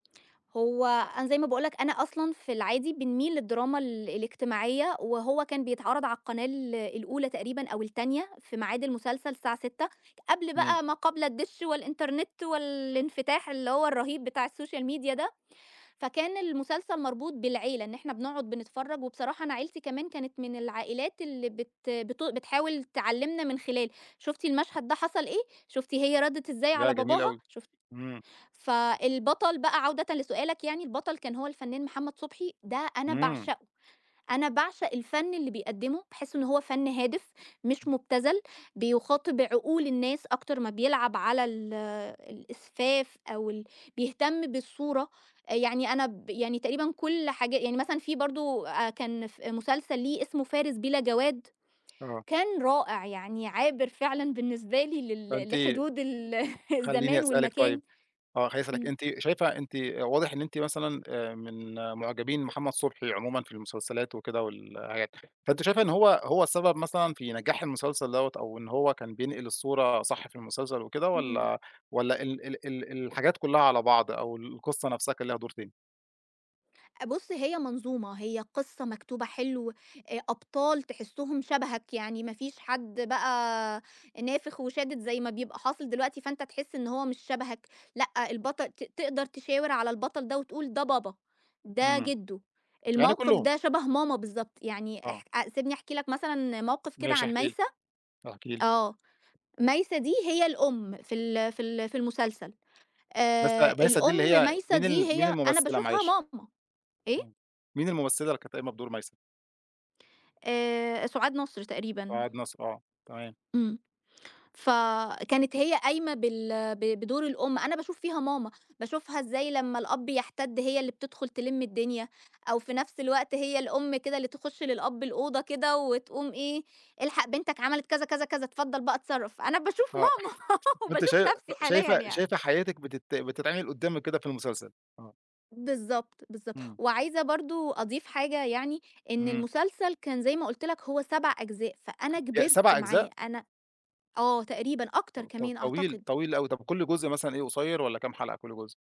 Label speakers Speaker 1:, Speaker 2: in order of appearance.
Speaker 1: هو أنا زي ما باقول لك أنا أصلًا في العادي بنميل للدراما ال الاجتماعية وهو كان بيتعرض على القناة ال الأولى تقريبًا أو التانية في ميعاد المسلسل الساعة 18:00. قبل
Speaker 2: إمم.
Speaker 1: بقى ما قبل الدِش والإنترنت والإنفتاح اللي هو الرهيب بتاع السوشيال ميديا ده. فكان المسلسل مربوط بالعيلة. إن إحنا بنقعد بنتفرّج وبصراحة أنا عيلتي كمان كانت من العائلات اللي بت بتو بتحاول تعلّمنا من خلال، شُفتِ المشهد ده حصل إيه؟ شُفتِ هي ردّت إزاي
Speaker 2: ياه!
Speaker 1: على
Speaker 2: جميل
Speaker 1: باباها؟
Speaker 2: أوي.
Speaker 1: شُفتِ
Speaker 2: إمم.
Speaker 1: فالبطل بقى عودةً لسؤالك يعني، البطل كان هو الفنان محمد صُبحي ده أنا
Speaker 2: إمم.
Speaker 1: باعشقه. أنا باعشق الفَن اللي بيقدّمه، باحس إن هو فَن هادف مش مٌبتزَل، بيُخَاطب عقول الناس أكتر ما بيلعب على ال الإسفاف أو ال بيهتم بالصورة. أ يعني أنا ب يعني تقريبًا كل حاجة يعني مثلًا في برضه أ كان ف مسلسل ليه اسمه فارس بِلا جَواد،
Speaker 2: آه.
Speaker 1: كان رائع. يعني عابر فعلًا بالنسبة لي لل
Speaker 2: فأنتِ
Speaker 1: لحدود ال
Speaker 2: خلّيني
Speaker 1: الزمان
Speaker 2: أسألِك
Speaker 1: والمكان
Speaker 2: طيب آه. خلّيني أسألِك،
Speaker 1: إمم.
Speaker 2: أنتِ شايفة أنتِ واضح إن أنتِ مثلًا، آآ، من معجبين محمد صُبحي عمومًا في المسلسلات وكده والحاجات. فأنتِ شايفة إن هو هو السبب مثلًا في نجاح المسلسل دوّة أو إن هو كان بينقل الصورة صح في المسلسل وكده؟
Speaker 1: إمم.
Speaker 2: والّا والّا ال ال ال الحاجات كُلّها على بعض أو القصة نفسها كان ليها دور تاني؟
Speaker 1: أ بُص هي منظومة. هي قصة مكتوبة حلو، أ أبطال تحسّهم شبهك. يعني ما فيش حد بقى نافخ وشادد زي ما بيبقى حاصل دلوقتي فأنت تحس إن هو مش شبهك. لأ البطل ت تقدر تشاور على البطل ده وتقول ده بابا، ده
Speaker 2: إمم.
Speaker 1: جدو،
Speaker 2: يعني
Speaker 1: الموقف
Speaker 2: كُلّهم.
Speaker 1: ده شبه ماما بالضبط. يعني
Speaker 2: آه.
Speaker 1: اح سيبني أحكي لك مثلًا موقف كده
Speaker 2: ماشي
Speaker 1: عن
Speaker 2: احكي لي،
Speaker 1: مايسة.
Speaker 2: احكي لي.
Speaker 1: آه. مايسة دي هي الأم في ال في ال في المسلسل. آآ
Speaker 2: مايسة مايسة دي اللي
Speaker 1: الأم
Speaker 2: هي
Speaker 1: مايسة
Speaker 2: مين
Speaker 1: دي
Speaker 2: ال مين
Speaker 1: هي أنا
Speaker 2: الممثلة
Speaker 1: باشوفها
Speaker 2: معلش؟
Speaker 1: ماما. إيه؟
Speaker 2: إمم. مين الممثلة اللي كانت قايمة بدور مايسة؟
Speaker 1: آآ سُعاد نصر تقريبًا.
Speaker 2: سُعاد نصر آه، تمام.
Speaker 1: إمم. فكانت هي قايمة بال ب بدور الأم. أنا باشوف فيها ماما، باشوفها إزاي لمّا الأب يَحتّد هي اللي بتدخُل تِلِم الدنيا أو في نفس الوقت هي الأم كده اللي تخُش للأب الأوضة كده وتقوم إيه، إلحق بنتك عملِت كذا، كذا، كذا اتفضّل بقى اتصرّف. أنا باشوف
Speaker 2: آه.
Speaker 1: ماما،
Speaker 2: طب أنتِ
Speaker 1: وباشوف
Speaker 2: شا
Speaker 1: نفسِي حاليًا
Speaker 2: شايفة
Speaker 1: يعني.
Speaker 2: شايفة حياتِك بتت بتتعمل قدّامِك كده في المسلسل؟ آه.
Speaker 1: بالضبط، بالضبط.
Speaker 2: إمم.
Speaker 1: وعايزة برضه أضيف حاجة يعني، إن
Speaker 2: إمم.
Speaker 1: المسلسل كان زي ما قُلت لك هو 7 أجزاء، فأنا
Speaker 2: ياه
Speaker 1: كِبرت
Speaker 2: 7
Speaker 1: معاه.
Speaker 2: أجزاء!
Speaker 1: أنا آه تقريبًا
Speaker 2: ط
Speaker 1: أكتر
Speaker 2: ط
Speaker 1: كمان
Speaker 2: طويل
Speaker 1: أعتقد.
Speaker 2: طويل أوي. طب كل جزء مثلًا إيه قصيّر والّا كام حلقة كل جزء؟